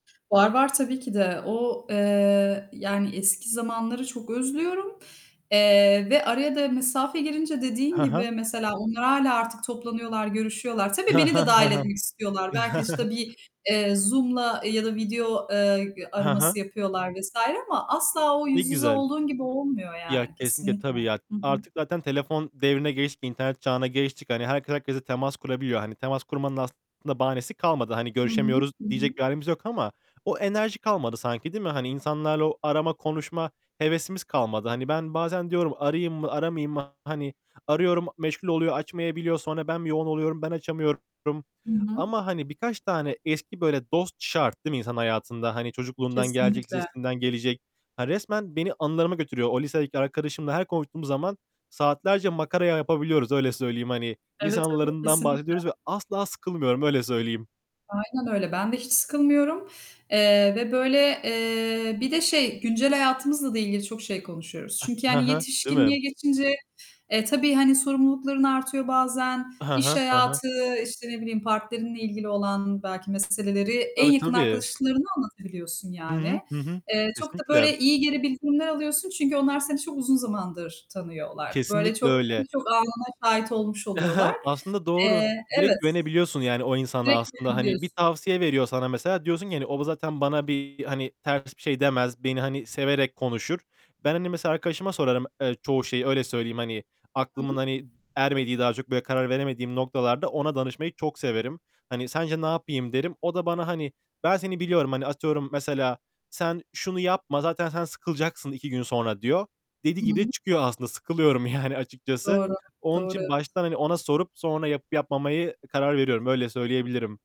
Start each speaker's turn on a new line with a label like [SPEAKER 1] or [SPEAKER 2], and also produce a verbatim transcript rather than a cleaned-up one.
[SPEAKER 1] Var var tabii ki de. O, eee, yani eski zamanları çok özlüyorum, eee, ve araya da mesafe girince dediğin
[SPEAKER 2] He
[SPEAKER 1] gibi
[SPEAKER 2] he.
[SPEAKER 1] mesela onlar hâlâ artık toplanıyorlar, görüşüyorlar.
[SPEAKER 2] He
[SPEAKER 1] Tabii beni
[SPEAKER 2] he,
[SPEAKER 1] de dâhil etmek
[SPEAKER 2] he he.
[SPEAKER 1] istiyorlar. Belki işte bir, eee, Zoom'la ya da video, eee, ı
[SPEAKER 2] He he.
[SPEAKER 1] araması yapıyorlar vs. ama asla o
[SPEAKER 2] Ne
[SPEAKER 1] yüz yüze
[SPEAKER 2] güzel.
[SPEAKER 1] olduğun gibi olmuyor
[SPEAKER 2] Ya
[SPEAKER 1] yani
[SPEAKER 2] kesinlikle
[SPEAKER 1] kesinlikle.
[SPEAKER 2] tabii ya.
[SPEAKER 1] Hı hı.
[SPEAKER 2] Artık zaten telefon devrine geçtik, internet çağına geçtik. Hani herkes herkesle temas kurabiliyor. Hani temas kurmanın aslında bahanesi kalmadı. Hani
[SPEAKER 1] Hı hı,
[SPEAKER 2] "Görüşemiyoruz."
[SPEAKER 1] hı hı.
[SPEAKER 2] diyecek bir hâlimiz yok ama o enerji kalmadı sanki değil mi? Hani insanlarla o arama, konuşma hevesimiz kalmadı. Hani ben bazen diyorum "Arayayım mı? Aramayayım mı?" Hani, arıyorum meşgul oluyor açmayabiliyor. Sonra ben bir yoğun oluyorum. Ben açamıyorum
[SPEAKER 1] Hı hı.
[SPEAKER 2] ama hani birkaç tane eski böyle dost şart değil mi insanın hayatında? Hani çocukluğundan gelecek,
[SPEAKER 1] Kesinlikle.
[SPEAKER 2] lisesinden gelecek. Hani resmen beni anılarıma götürüyor. O lisedeki arkadaşımla her konuştuğum zaman, saatlerce makara yapabiliyoruz, öyle söyleyeyim hani. Lise
[SPEAKER 1] Evet, evet
[SPEAKER 2] anılarından
[SPEAKER 1] kesinlikle.
[SPEAKER 2] bahsediyoruz ve asla sıkılmıyorum, öyle söyleyeyim.
[SPEAKER 1] Aynen öyle. Ben de hiç sıkılmıyorum, eee, ve böyle, eee, bir de şey, güncel hayatımızla da ilgili çok şey konuşuyoruz.
[SPEAKER 2] Ha,
[SPEAKER 1] Çünkü
[SPEAKER 2] hı
[SPEAKER 1] yani
[SPEAKER 2] hı, değil
[SPEAKER 1] yetişkinliğe
[SPEAKER 2] mi?
[SPEAKER 1] geçince, e, tabii hani sorumlulukların artıyor bazen,
[SPEAKER 2] Hı
[SPEAKER 1] iş
[SPEAKER 2] hı, hı hı.
[SPEAKER 1] hayatı, işte ne bileyim, partnerinle ilgili olan belki meseleleri en
[SPEAKER 2] Tabii
[SPEAKER 1] yakın
[SPEAKER 2] tabii.
[SPEAKER 1] arkadaşlarına anlatabiliyorsun
[SPEAKER 2] Hı
[SPEAKER 1] yani.
[SPEAKER 2] hı, hı hı.
[SPEAKER 1] Eee, çok da
[SPEAKER 2] Kesinlikle,
[SPEAKER 1] böyle iyi geri bildirimler alıyorsun, çünkü onlar seni çok uzun zamandır tanıyorlar. Böyle
[SPEAKER 2] Kesinlikle
[SPEAKER 1] çok
[SPEAKER 2] öyle.
[SPEAKER 1] birçok anına şahit olmuş oluyorlar.
[SPEAKER 2] Aslında doğru,
[SPEAKER 1] Eee,
[SPEAKER 2] direkt
[SPEAKER 1] evet.
[SPEAKER 2] güvenebiliyorsun yani o insana
[SPEAKER 1] Direkt
[SPEAKER 2] aslında. Hani bir
[SPEAKER 1] güvenebiliyorsun.
[SPEAKER 2] tavsiye veriyor sana mesela diyorsun ki hani o zaten bana bir hani ters bir şey demez. Beni hani severek konuşur. Ben hani mesela arkadaşıma sorarım, eee, çoğu şeyi, öyle söyleyeyim hani aklımın
[SPEAKER 1] [unintelligible]
[SPEAKER 2] hani ermediği, daha çok böyle karar veremediğim noktalarda ona danışmayı çok severim. Hani sence "Ne yapayım?" derim. O da bana hani, ben seni biliyorum. Hani atıyorum mesela, "Sen şunu yapma, zaten sen sıkılacaksın iki gün sonra." diyor. Dediği
[SPEAKER 1] Hı
[SPEAKER 2] gibi de
[SPEAKER 1] hı.
[SPEAKER 2] çıkıyor aslında, sıkılıyorum yani açıkçası.
[SPEAKER 1] Doğru,
[SPEAKER 2] Onun
[SPEAKER 1] doğru,
[SPEAKER 2] için
[SPEAKER 1] evet.
[SPEAKER 2] baştan hani ona sorup, sonra yapıp yapmamayı karar veriyorum, öyle söyleyebilirim.